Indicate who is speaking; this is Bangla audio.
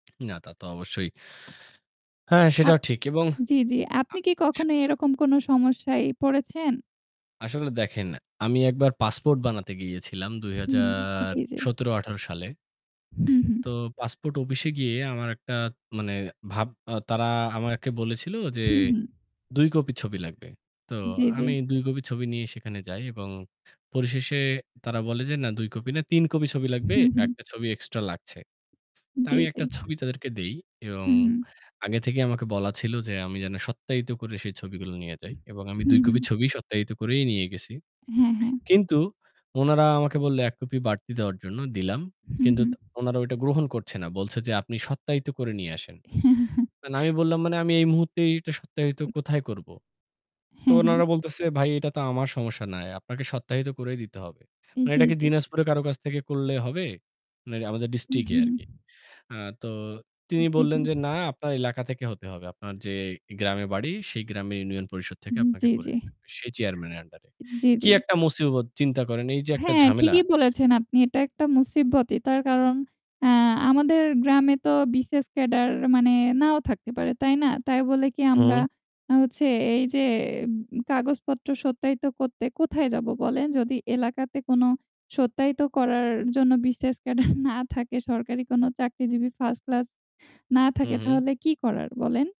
Speaker 1: না তা তো অবশ্যই। হ্যাঁ,
Speaker 2: আ
Speaker 1: সেটাও ঠিক। এবং
Speaker 2: জ্বি, জ্বি।
Speaker 1: আ
Speaker 2: আপনি কি
Speaker 1: স
Speaker 2: কখনো এরকম কোনো সমস্যায় পড়েছেন?
Speaker 1: আসলে দেখেন, আমি একবার পাসপোর্ট বানাতে গিয়েছিলাম দুই
Speaker 2: হু,
Speaker 1: হাজার
Speaker 2: জ্বি, জ্বি।
Speaker 1: সতেরো-আঠারো সালে
Speaker 2: হু, হু।
Speaker 1: তো পাসপোর্ট অফিসে গিয়ে আমার একটা মানে ভাব আ তারা আমাকে বলেছিল যে,
Speaker 2: হু, হু।
Speaker 1: "২ কপি ছবি লাগবে।" তো
Speaker 2: জ্বি, জ্বি।
Speaker 1: আমি ২ কপি ছবি নিয়ে সেখানে যাই এবং পরিশেষে তারা বলে যে, "না ২ কপি না, ৩ কপি ছবি লাগবে,
Speaker 2: হু, হু।
Speaker 1: ১ টা ছবি এক্সট্রা লাগছে।" তো
Speaker 2: জ্বি,
Speaker 1: আমি ১
Speaker 2: জ্বি।
Speaker 1: টা ছবি তাদেরকে দেই। এবং
Speaker 2: হু, হু।
Speaker 1: আগে থেকেই আমাকে বলা ছিল যে আমি যেন সত্যায়িত করে সেই ছবিগুলো নিয়ে যাই। এবং আমি
Speaker 2: হু,
Speaker 1: ২
Speaker 2: হু।
Speaker 1: কপি ছবি সত্যায়িত করেই নিয়ে গেছি।
Speaker 2: হ্যাঁ, হ্যাঁ।
Speaker 1: কিন্তু উনারা আমাকে বলল ১ কপি বাড়তি দেওয়ার জন্য দিলাম।
Speaker 2: হু,
Speaker 1: কিন্তু
Speaker 2: হু।
Speaker 1: ত ওনারা ওইটা গ্রহণ করছে না। বলছে যে, "আপনি সত্যায়িত করে নিয়ে আসেন।" না আমি বললাম, "মানে আমি এই মুহূর্তে এটা সত্যায়িত
Speaker 2: উ
Speaker 1: কোথায় করব?" তো
Speaker 2: হ্যাঁ, হ্যাঁ।
Speaker 1: ওনারা বলতেছে, "ভাই এটা তো আমার সমস্যা নাই। আপনাকে সত্যায়িত করেই দিতে হবে।" "মানে
Speaker 2: জ্বী,
Speaker 1: এটা কি
Speaker 2: জ্বী।
Speaker 1: দিনাজপুরে কারো কাছ থেকে করলে হবে?" মানে আমাদের
Speaker 2: হু,
Speaker 1: ডিস্ট্রিক্ট এ
Speaker 2: হু।
Speaker 1: আরকি। আ তো তিনি
Speaker 2: জি, জি।
Speaker 1: বললেন যে, "না আপনার এলাকা থেকে হতে হবে। আপনার যে গ্রামে বাড়ি সেই গ্রামের ইউনিয়ন পরিষদ থেকে
Speaker 2: উহু।
Speaker 1: আপনাকে
Speaker 2: জ্বী,
Speaker 1: করে
Speaker 2: জ্বী।
Speaker 1: নিতে হবে। সেই চেয়ারম্যান এর আন্ডার এ।"
Speaker 2: জ্বী,
Speaker 1: কী
Speaker 2: জ্বী।
Speaker 1: একটা মুসিবত চিন্তা করেন, এই যে একটা
Speaker 2: হ্যাঁ
Speaker 1: ঝামেলা
Speaker 2: ঠিকই বলেছেন আপনি। এটা একটা মুসিবতই তার কারণ আ আমাদের গ্রামে তো BCS ক্যাডার মানে নাও থাকতে পারে তাই না? তাই বলে কি আমরা
Speaker 1: হুম।
Speaker 2: হচ্ছে এইযে উম কাগজপত্র সত্যায়িত করতে কোথায় যাব বলেন? যদি এলাকাতে কোনো সত্যায়িত করার জন্য BCS ক্যাডার না থাকে সরকারি কোনো চাকরিজীবী 1st ক্লাস না
Speaker 1: হু,
Speaker 2: থাকে
Speaker 1: হু।
Speaker 2: তাহলে কি করার বলেন?